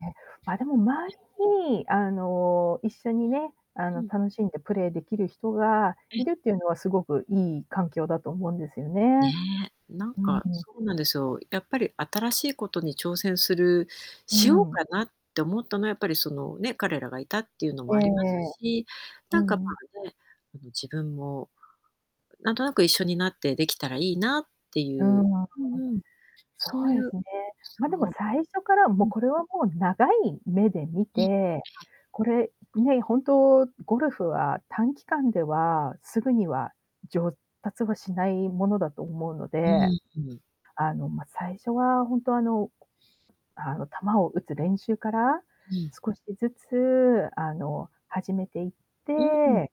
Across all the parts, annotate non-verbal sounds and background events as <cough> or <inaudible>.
ね、ま、でも周りに、あの、一緒にね、あうの、ん。楽しんでプレーできる人がいるっていうのは、凄くいい環境だと思うんですよね。ね、なんうか、ーん。そうなんですよ。やっぱり新しいことに挑戦するうーしようかん。なって思ったのはやっぱり、その、ね、彼らがいたっていうのもえありますえ。し、うなんか、ん。ま、ね、あの自分も、なんとなく一緒になってできたらいいなってういう。ん。うんうん。そそうういでうすね。ま、でもそう。最初から、もううん。これはもう長い目で見て、これ、ね、本当ゴルフは短期間では直ぐには、上達はしないものだと思うのうで、ん。ふん。あの、ま、最初はほんと、あの、あの、球を打つ練習から、うん。少しずつ、あの、始めていっうん。て、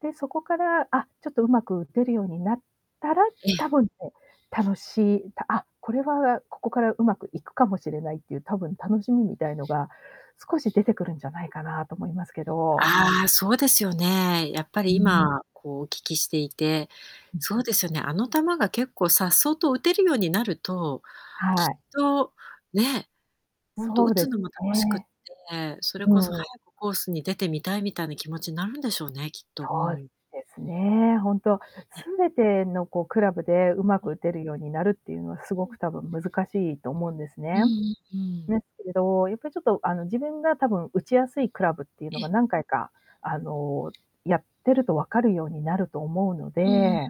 で、そこから、あ、ちょっと上手く打てるようになったら、え多え。分ね、楽しい「あ、これはここから上手くいくかもしれない」っていう多分楽しみみたいのが、少し出てくるんじゃないかなと思いますけど。ああ、そうですよね。やっぱりうーん。今、こうお聞きしていて、う。そうですよね、あの球が結構颯爽と打てるようになると、きはっい。とね、ほんとそ打うでつすのも楽しくっね。て、それこそう早ーん。くコースに出てみたいみたいな気持ちなるんでしょうね、きっと、うそうん。ですね、ほんと、全てのこうクラブで上手く打てるようになるっていうのは、すうごん。く多分難しいと思うんですうね。ん、う、うでん。すけど、やっぱり、ちょっと、あの、自分がたぶん打ちやすいクラブっていうのえがえ。何回か、あの、やってると分かるようになると思うのうーん。で、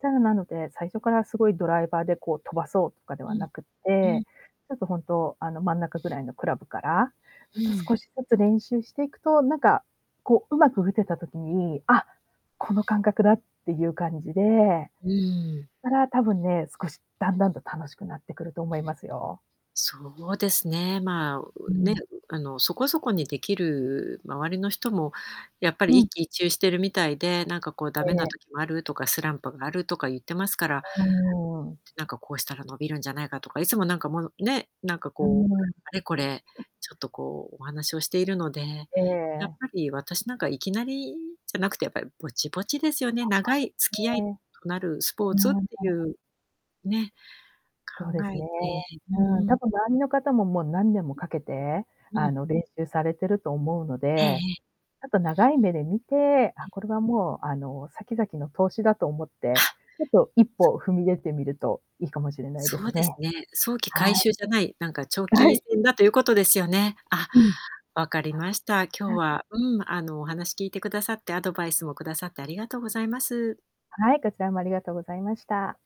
じゃあ、なので、最初から凄いドライバーで、こう、飛ばそうとかでうはん。なくっうて、ん。ちょっと、ほんと、あの、真ん中ぐらいのクラブから、うーん。少しずつ練習していくと、なんか、こう、上手く打てた時に「あ、この感覚だ」っていう感じで、うーん。から、たぶんね、少しだんだんと楽しくなってくると思いますよ。そうですね、ま、うね、ん。あの、そこそこにできる周りの人もやっぱうり一ん。喜一憂してるみたいで、なんか「こうダえメなえ。時もあるとかスランプがある」とか言ってますから、うーん。なんか、こうしたら伸びるんじゃないかとか、いつも、なんか、もうね、なんか、うーこうあん。れこれ、ちょっと、こう、お話をしているので、えやっえ。ぱり私、なんか、いきなりじゃなくてやっぱりぼちぼちですよね。長い付き合 <unintelligible> ういーん。となるスポーツっていうね、そうで考すえね。て。うんうん、うん。多分周りの方も、もう何年もかけて、うあん。の、練習されてると思うのええで、ええ。ちょっと長い目で見て、あ、これはもう、あの、先々の投資だと思って、ちょっと一歩、踏み出てみるといいかもしれないでそすうですね。ね。早期は回い。収じゃない、なんか、長は期い。戦だということですよね。あ、うん。わかりました。今日は、うん、あの、お話聞いてくださって、アドバイスもくださってありがとうございます。はい、こちらもありがとうございました。